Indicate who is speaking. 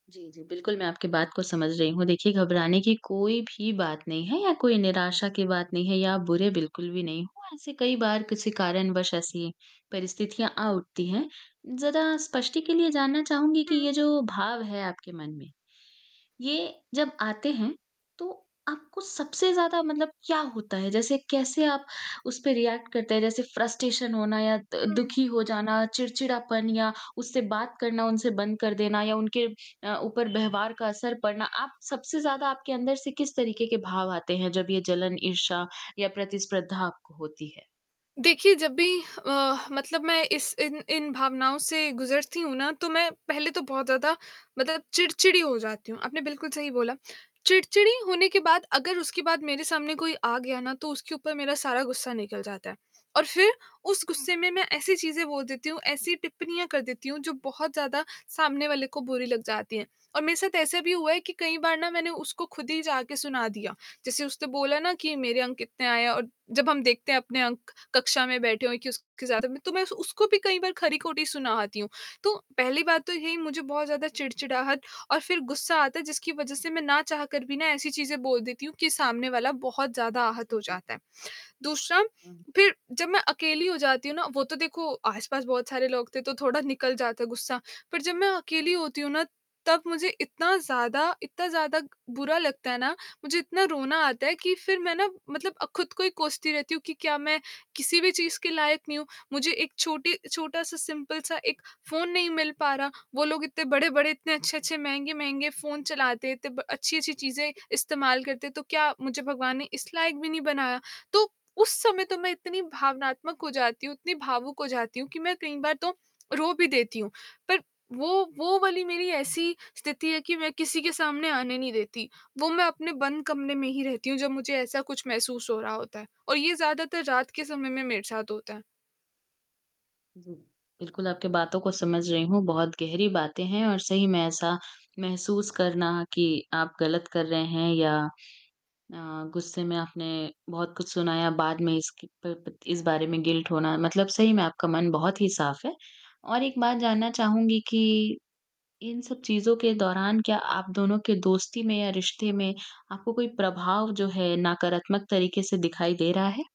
Speaker 1: जी, जी, बिल्कुल मैं आपकी बात को समझ रही हूँ। देखिए, घबराने की कोई भी बात नहीं है या कोई निराशा की बात नहीं है या आप बुरे बिल्कुल भी नहीं हो, ऐसे कई बार कुछ कारणवश ऐसी परिस्थितियाँ आ उठती हैं। ज़रा स्पष्टि के लिए जानना चाहूँगी कि
Speaker 2: हुँ।
Speaker 1: ये जो भाव है आपके मन में। ये जब आते हैं, तो आपको सबसे ज़्यादा मतलब क्या होता है? जैसे कैसे आप उस पे रिएक्ट करते हैं? जैसे फ़्रस्ट्रेशन होना या द
Speaker 2: हुँ।
Speaker 1: दुखी हो जाना, चिड़चिड़ापन या उससे बात करना उनसे बंद कर देना या उनके अ, ऊपर व्यवहार का असर पड़ना, आप सबसे ज़्यादा आपके अंदर से किस तरीके के भाव आते हैं जब ये जलन, ईर्ष्या या प्रतिस्पर्धा आपको होती है?
Speaker 2: देखिए जब भी अ, मतलब मैं इस इन इन भावनाओं से गुज़रती हूँ ना, तो मैं पहले तो बहुत ज़्यादा मतलब चिड़चिड़ी हो जाती हूँ, आपने बिल्कुल सही बोला। चिड़चिड़ी होने के बाद अगर उसके बाद मेरे सामने कोई आ गया ना तो उसके ऊपर मेरा सारा गुस्सा निकल जाता है। और फ़िर उस गुस्से में मैं ऐसी चीज़ें बोल देती हूँ, ऐसी टिप्पणियाँ कर देती हूँ जो बहुत ज़्यादा सामने वाले को बुरी लग जाती हैं। और मेरे साथ ऐसा भी हुआ है कि कई बार ना मैंने उसको खुद ही जाके सुना दिया, जैसे उसने बोला ना कि मेरे अंक कितने आए है और जब हम देखते हैं अपने अंक कक्षा में बैठे हुए कि उसके ज़्यादा मे तो मैं उस उसको भी कई बार खरी-खोटी सुना आती हूँ। तो पहली बात तो यही मुझे बहुत ज़्यादा चिड़चिड़ाहट और फ़िर गुस्सा आता है जिसकी वजह से मैं ना चाह कर भी ना ऐसी चीज़ें बोल देती हूँ कि सामने वाला बहुत ज़्यादा आहत
Speaker 1: जी,
Speaker 2: हो
Speaker 1: जी।
Speaker 2: जाता है। दूसरा
Speaker 1: हुँ।
Speaker 2: फ़िर जब मैं अकेली हो जाती हूँ ना, वो तो देखो आस-पास बहुत सारे लोग थे तो थोड़ा निकल जाता गुस्सा। पर जब मैं
Speaker 1: हुँ।
Speaker 2: अकेली होती हूँ ना तब मुझे इतना ज़्यादा इतना ज़्यादा बुरा लगता है ना, मुझे इतना रोना आता है कि फ़िर मैं ना मतलब अ, खुद को ही कोसती रहती हूँ कि क्या मैं किसी भी चीज़ के लायक नहीं हूँ? मुझे एक छोटी छोटा-सा सिंपल सा एक फ़ोन नहीं मिल पा रहा, वो लोग इतने बड़े-बड़े, इतने अच्छे-अच्छे महँगे-महँगे फ़ोन चलाते थे, इतने ब अच्छी-अच्छी चीज़ें
Speaker 1: जी।
Speaker 2: इस्तेमाल करते थे, तो क्या मुझे भगवान ने इस लायक भी नहीं बनाया? तो उस समय तो मैं इतनी भावनात्मक हो जाती हूँ, इतनी भावुक हो जाती हूँ कि मैं कई बार तो रो भी देती हूँ। पर वो वो वाली मेरी ऐसी स्थिति है कि मैं किसी के सामने आने नहीं देती, वो मैं अपने बंद कमरे में ही रहती हूँ जब मुझे ऐसा कुछ महसूस हो रहा होता है और ये ज़्यादातर रात के समय में मेरे साथ होता है।
Speaker 1: जी, बिल्कुल आपकी बातों को समझ रही हूँ, बहुत गहरी बातें हैं और सही में ऐसा महसूस करना कि आप गलत कर रहे हैं या अ, गुस्से में आपने बहुत कुछ सुनाया बाद में इसके प प इस बारे में गिल्ट होना। मतलब सही में आपका मन बहुत ही साफ़ है और एक बात जानना चाहूँगी कि इन सब चीज़ों के दौरान क्या आप दोनों के दोस्ती में या रिश्ते में, आपको कोई प्रभाव जो है नकारात्मक तरीके से दिखाई दे रहा है?